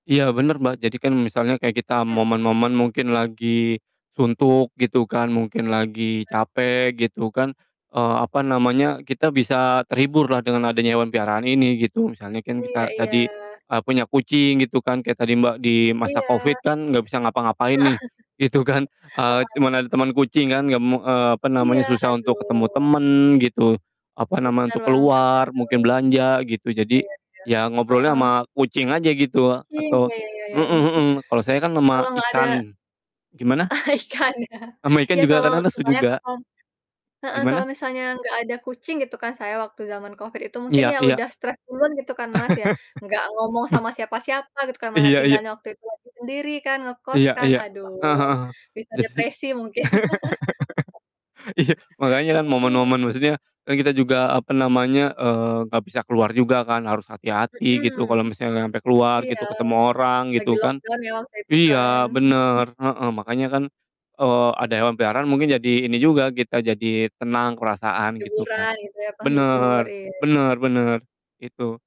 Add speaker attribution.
Speaker 1: Iya bener, Mbak, jadi kan misalnya kayak kita
Speaker 2: Mhm.
Speaker 1: momen-momen mungkin lagi suntuk gitu kan, mungkin lagi capek
Speaker 2: [unintelligible]
Speaker 1: gitu kan, eee, apa namanya, kita bisa terhibur lah dengan adanya hewan peliharaan ini, gitu. Misalnya kan
Speaker 2: Iya
Speaker 1: kita
Speaker 2: iya.
Speaker 1: tadi, eee, punya kucing gitu kan kayak tadi, Mbak, di masa Covid
Speaker 2: Iya.
Speaker 1: kan nggak bisa ngapa-ngapain
Speaker 2: Heeh
Speaker 1: nih, gitu kan, eee,
Speaker 2: heeh.
Speaker 1: cuman ada temen kucing kan, nggak me eee, apa namanya,
Speaker 2: Iya,
Speaker 1: susah untuk ketemu
Speaker 2: aduh.
Speaker 1: temen gitu, apa nama,
Speaker 2: Bener
Speaker 1: untuk
Speaker 2: banget,
Speaker 1: keluar,
Speaker 2: aduh.
Speaker 1: mungkin belanja, gitu,
Speaker 2: Iya
Speaker 1: jadi,
Speaker 2: iya,
Speaker 1: ya ngobrolnya
Speaker 2: heeh.
Speaker 1: sama kucing aja gitu
Speaker 2: Kucing,
Speaker 1: atau
Speaker 2: ya ya ya ya,
Speaker 1: mhm
Speaker 2: mungkin
Speaker 1: mhm, kalau saya kan sama
Speaker 2: kalau nggak ada
Speaker 1: ikan gimana?
Speaker 2: Ah, ikan ya.
Speaker 1: Sama ikan
Speaker 2: Ya,
Speaker 1: juga
Speaker 2: kalau
Speaker 1: kadang lesu juga.
Speaker 2: [unintelligible] heeh, kalau
Speaker 1: Gimana?
Speaker 2: misalnya nggak ada kucing, gitu kan, saya waktu zaman Covid itu, mungkin
Speaker 1: Iya
Speaker 2: ya
Speaker 1: iya.
Speaker 2: udah stres duluan gitu kan, Mas, ya. Nggak ngomong
Speaker 1: Meh
Speaker 2: sama siapa-siapa gitu kan mana
Speaker 1: Iya iya.
Speaker 2: tinggalnya waktu itu masih sendiri kan, ngekos
Speaker 1: Iya
Speaker 2: kan,
Speaker 1: iya,
Speaker 2: aduh,
Speaker 1: heeh heeh,
Speaker 2: bisa
Speaker 1: jasi
Speaker 2: depresi mungkin.
Speaker 1: iya, makanya kan momen-momen maksudnya kan kita juga, apa namanya, eee, nggak bisa keluar juga kan harus hati-hati gitu,
Speaker 2: Mhm.
Speaker 1: kalo misalnya sampe keluar
Speaker 2: Iya.
Speaker 1: gitu, ketemu orang,
Speaker 2: Lagi
Speaker 1: gitu kan,
Speaker 2: lockdown ya waktu itu kan?
Speaker 1: iya, bener, heeh, makanya kan, eee, ada
Speaker 2: Mhm.
Speaker 1: yang hewan peliharaan mungkin jadi ini juga kita jadi tenang, perasaan, gitu, Kak.
Speaker 2: Hiburan gitu ya, penghibur,
Speaker 1: Bener
Speaker 2: iya.
Speaker 1: bener bener, itu.